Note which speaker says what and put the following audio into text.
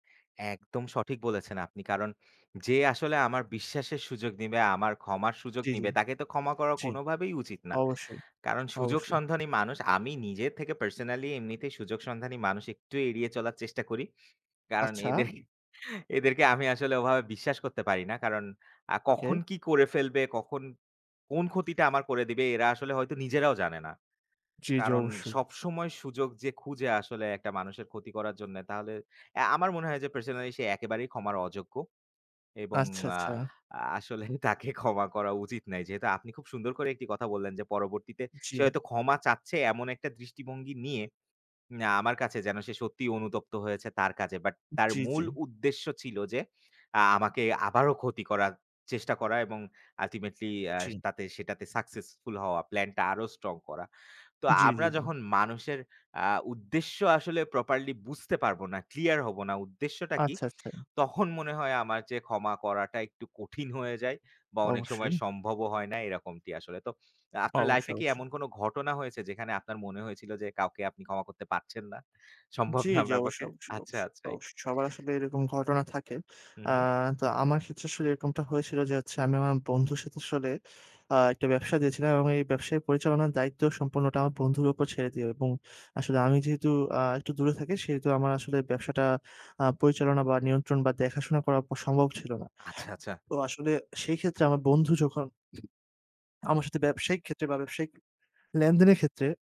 Speaker 1: একদম সঠিক বলেছেন আপনি। কারণ যে আসলে আমার বিশ্বাসের সুযোগ নিবে, আমার ক্ষমার সুযোগ
Speaker 2: জ্বি, জ্বি,
Speaker 1: নিবে তাকে তো ক্ষমা করা
Speaker 2: জ্বি,
Speaker 1: কোনভাবেই উচিত না।
Speaker 2: অবশ্যই,
Speaker 1: কারণ সুযোগ
Speaker 2: অবশ্যই।
Speaker 1: সন্ধানী মানুষ আমি নিজে থেকে পার্সোনালি এমনিতেই, সুযোগ সন্ধানী মানুষ একটু এড়িয়ে চলার চেষ্টা করি। কারণ
Speaker 2: আচ্ছা।
Speaker 1: এদের এদেরকে আমি আসলে ওভাবে বিশ্বাস করতে পারি না। কারণ আ কখন
Speaker 2: ওকে।
Speaker 1: কি করে ফেলবে, কখন, কোন ক্ষতিটা আমার করে দিবে? এরা আসলে হয়তো নিজেরাও জানে না।
Speaker 2: জ্বি, জ্বি,
Speaker 1: কারণ
Speaker 2: অবশ্যই।
Speaker 1: সবসময় সুযোগ যে খুঁজে আসলে একটা মানুষের ক্ষতি করার জন্যে তাহলে আ আমার মনে হয় যে পার্সোনালি সে একেবারেই ক্ষমার অযোগ্য। এবং
Speaker 2: আচ্ছা,
Speaker 1: আ
Speaker 2: আচ্ছা।
Speaker 1: আসলেই তাকে ক্ষমা করা উচিত নাই। যেহেতু আপনি খুব সুন্দর করে একটি কথা বললেন যে পরবর্তীতে সে
Speaker 2: জ্বি।
Speaker 1: হয়তো ক্ষমা চাচ্ছে এমন একটা দৃষ্টিভঙ্গি নিয়ে, আমার কাছে যেন সে সত্যিই অনুতপ্ত হয়েছে তার কাজে। বাট তার
Speaker 2: জ্বি,
Speaker 1: মূল
Speaker 2: জ্বি।
Speaker 1: উদ্দেশ্য ছিল যে আমাকে আবারো ক্ষতি করার চেষ্টা করা এবং ultimately আ
Speaker 2: জ্বি।
Speaker 1: তাতে সেটাতে সাকসেসফুল হওয়া, প্লান টা আরো স্ট্রং করা। তো
Speaker 2: জ্বি,
Speaker 1: আমরা
Speaker 2: জ্বি, জ্বি।
Speaker 1: যখন মানুষের আ উদ্দেশ্য আসলে প্রপারলি বুঝতে পারব না, ক্লিয়ার হব না উদ্দেশ্যটা কি?
Speaker 2: আচ্ছা, আচ্ছা।
Speaker 1: তখন মনে হয় আমার যে ক্ষমা করাটা একটু কঠিন হয়ে যায় বা অনেক সময়
Speaker 2: অবশ্যই।
Speaker 1: সম্ভবও হয় না এরকমটি আসলে। তো আপনার
Speaker 2: অবশ্যই,
Speaker 1: লাইফে কি
Speaker 2: অবশ্যই।
Speaker 1: এমন কোন ঘটনা হয়েছে যেখানে আপনার মনে হয়েছিল যে কাউকে আপনি ক্ষমা করতে পারছেন না, সম্ভব
Speaker 2: জ্বি,
Speaker 1: না
Speaker 2: জ্বি।
Speaker 1: আপনার
Speaker 2: অবশ্যই,
Speaker 1: পক্ষে?
Speaker 2: অবশ্যই,
Speaker 1: আচ্ছা,
Speaker 2: অবশ্যই,
Speaker 1: আচ্ছা।
Speaker 2: অবশ্যই। সবার আসলে এরকম ঘটনা থাকে।
Speaker 1: হু,
Speaker 2: আ
Speaker 1: হু।
Speaker 2: তো আমার ক্ষেত্রে আসলে এরকমটা হয়েছিল যে আমি আমার বন্ধুর সাথে আসলে আ একটা ব্যবসা দিয়েছিলাম এবং এই ব্যবসায় পরিচালনার দায়িত্ব সম্পূর্ণটা আমার বন্ধুর উপর ছেড়ে দেই, এবং আসলে আমি যেহেতু আ একটু দূরে থাকি সেহেতু আমার আসলে ব্যবসাটা আ পরিচালনা বা, নিয়ন্ত্রণ বা দেখাশোনা প করা সম্ভব ছিল না।
Speaker 1: আচ্ছা, আচ্ছা।
Speaker 2: তো আসলে সেই ক্ষেত্রে আমার বন্ধু যখন আমার সাথে ব্যবসায়িক ক্ষেত্রে বা ব্যবসায়িক লেনদেনের ক্ষেত্রে